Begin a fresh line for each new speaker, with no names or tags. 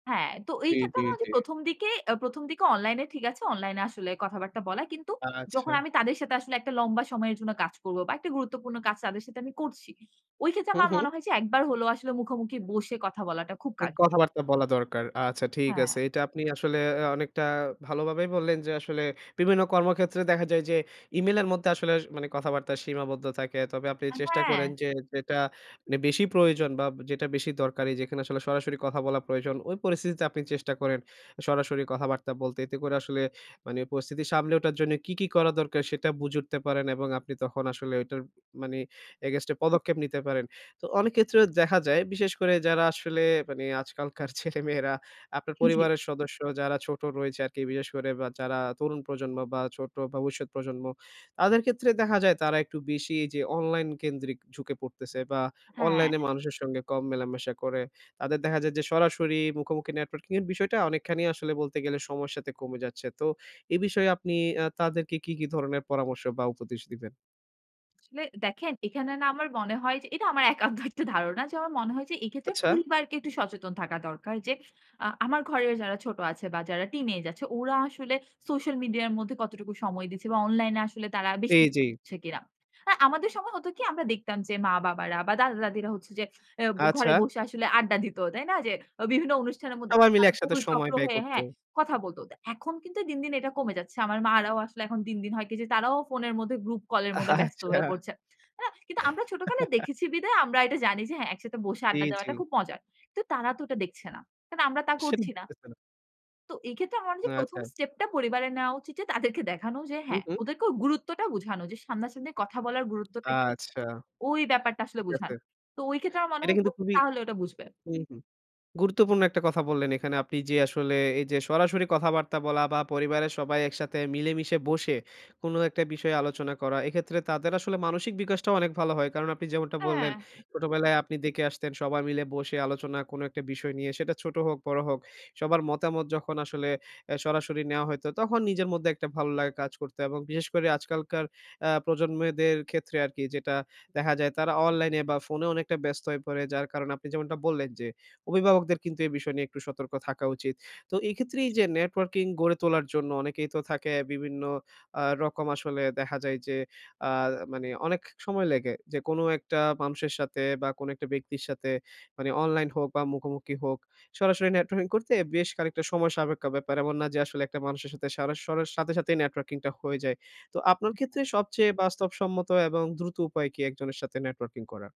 হ্যাঁ, তো এই
জি,
ক্ষেত্রে
জি,
আমার ওইযে
জি।
১ম, দিকে অ্যা ১ম, দিকে অনলাইন এ ঠিক আছে। অনলাইন এ আসলে কথাবার্তা বলা। কিন্তু
আচ্ছা।
যখন আমি তাদের সাথে আসলে একটা লম্বা সময়ের জন্য কাজ করব বা একটা গুরুত্বপূর্ণ কাজ তাদের সাথে আমি করছি। ওই ক্ষেত্রে
হু,
আমার
হু।
মনে হয় যে একবার হলেও আসলে মুখোমুখি বসে কথা বলাটা খুব
অ্যা
কা
কথাবার্তা বলা দরকার। আচ্ছা ঠিক আছে।
হ্যাঁ।
এটা আপনি আসলে অ্যা অনেকটা ভালোভাবেই বললেন, যে আসলে বিভিন্ন কর্মক্ষেত্রে দেখা যায় যে ইমেইলের মধ্যে আসলে স মানে কথাবার্তা সীমাবদ্ধ থাকে। তবে আপনি
আ
চেষ্টা করেন
হ্যাঁ।
যে যেটা মানে বেশি প্রয়োজন বা যেটা বেশি দরকারি যেখানে আসলে সরাসরি কথা বলা প্রয়োজন, ওই পরিস্থিতিতে আপনি চেষ্টা করেন সরাসরি কথাবার্তা বলতে। এতে করে আসলে মানে পরিস্থিতি সামলে ওঠার জন্য কি, কি করা দরকার সেটা বুঝে উঠতে পারেন। এবং আপনি তখন আসলে ওইটার মানে against এ পদক্ষেপ নিতে পারেন। তো অনেক ক্ষেত্রেও দেখা যায় বিশেষ করে যারা আসলে মানে আজকালকার ছেলেমেয়েরা, আপনার
জি।
পরিবারের সদস্য যারা ছোট রয়েছে আরকি বিশেষ করে। বা যারা তরুণ প্রজন্ম বা ছোট বা ভবিষ্যৎ প্রজন্ম, তাদের ক্ষেত্রে দেখা যায় তারা একটু বেশি এইযে অনলাইন কেন্দ্রিক ঝুঁকে পড়তেছে বা
হ্যাঁ।
অনলাইনে মানুষের সঙ্গে কম মেলামেশা করে। তাদের দেখা যায় যে সরাসরি মুখোমুখি networking এর বিষয়টা অনেকখানি আসলে বলতে গেলে সবার সাথে কমে যাচ্ছে। তো এই বিষয়ে আপনি অ্যা তাদেরকে কী, কী ধরনের পরামর্শ বা উপদেশ দিবেন?
আসলে দেখেন এখানে না আমার মনে হয় যে, এটা আমার একান্ত একটা ধারণা যে আমার মনে হয় যে এক্ষেত্রে
আচ্ছা।
পরিবারকে একটু সচেতন থাকা দরকার। যে আ আমার ঘরের যারা ছোট আছে বা যারা টিনেজ আছে, ওরা আসলে সোশ্যাল মিডিয়ার মধ্যে কতটুকু সময় দিচ্ছে বা অনলাইন এ আসলে তারা
জি,
বেশি [unintelligible]
জি।
করছে কিনা। আর আমাদের সময় হতো কি আমরা দেখতাম যে, মা-বাবারা বা দাদা-দাদিরা হচ্ছে যে অ্যা ঘরে
আচ্ছা।
বসে আসলে আড্ডা দিত তাই না? যে অ বিভিন্ন অনুষ্ঠানের মধ্যে
সবাই মিলে
তারা
একসাথে
গোল
সময়
চক্র
ব্যয়
হয়ে
করত।
হ্যাঁ, কথা বলত। তা এখন কিন্তু দিন, দিন এটা কমে যাচ্ছে। আমার মা'রাও আসলে এখন দিন, দিন হয় কি যে তারাও ফোনের মধ্যে গ্রুপ কল এর মধ্যে ব্যস্ত
আচ্ছা।
হয়ে পড়ছে। অ্যা কিন্তু আমরা ছোটকালে দেখেছি বিধায় আমরা এটা জানি যে হ্যাঁ, একসাথে বসে
জি,
আড্ডা দেওয়াটা
জি।
খুব মজার। তো তারা তো এটা দেখছে না। কারণ আমরা তা করছি না।
[unintelligible]
তো এই ক্ষেত্রে আমার মনে হয় যে ১ম,
আচ্ছা।
স্টেপ টা পরিবারে নেওয়া উচিত যে তাদেরকে দেখানো যে
হু,
হ্যাঁ,
হু।
ওদেরকে ওই গুরুত্বটা বুঝানো। যে সামনা-সামনি কথা বলার গুরুত্বটা কি,
আচ্ছা,
ওই ব্যাপারটা আসলে
ঠিক আছে।
বুঝানো। তো ওই ক্ষেত্রে আমার মনে
এটা
হতো
কিন্তু খুবই
তাহলে ওটা বুঝবে।
হুম, হুম গুরুত্বপূর্ণ একটা কথা বললেন এখানে আপনি। যে আসলে এই যে সরাসরি কথাবার্তা বলা বা পরিবারের সবাই একসাথে মিলেমিশে বসে কোনো একটা বিষয়ে আলোচনা করা। এক্ষেত্রে তাদের আসলে মানসিক বিকাশটাও অনেক ভালো হয়। কারণ আপনি যেমনটা বললেন,
হ্যাঁ
ছোটবেলায় আপনি দেখে আসতেন সবাই মিলে বসে আলোচনা কোন একটা বিষয় নিয়ে। সেটা ছোট হোক বড় হোক সবার মতামত যখন আসলে অ্যা সরাসরি নেয়া হইতো তখন নিজের মধ্যে একটা ভালো লাগা কাজ করতো। এবং বিশেষ করে আজকালকার অ্যা প্রজন্মদের ক্ষেত্রে আরকি যেটা দেখা যায় তারা অনলাইনে বা ফোনে অনেকটা ব্যস্ত হয়ে পড়ে। যার কারণ আপনি যেমনটা বললেন, যে অভিভাবকদের কিন্তু এ বিষয় নিয়ে একটু সতর্ক থাকা উচিত। তো এই ক্ষেত্রে এই যে networking গড়ে তোলার জন্য অনেকেই তো থাকে বিভিন্ন আ রকম আসলে দেখা যায় যে আ মানে অনেক সময় লাগে। যে কোন একটা মানুষের সাথে বা কোন একটা ব্যক্তির সাথে। মানে অনলাইন হোক বা মুখোমুখি হোক, সরাসরি networking করতে বেশ খানিকটা সময় সাপেক্ষ ব্যাপার। এমন না যে আসলে একটা মানুষের সাথে সারা সরার সাথে সাথেই networking টা হয়ে যায়। তো আপনার ক্ষেত্রে
[unintelligible]
সবচেয়ে বাস্তবসম্মত এবং দ্রুত উপায় কি একজনের সাথে networking করার?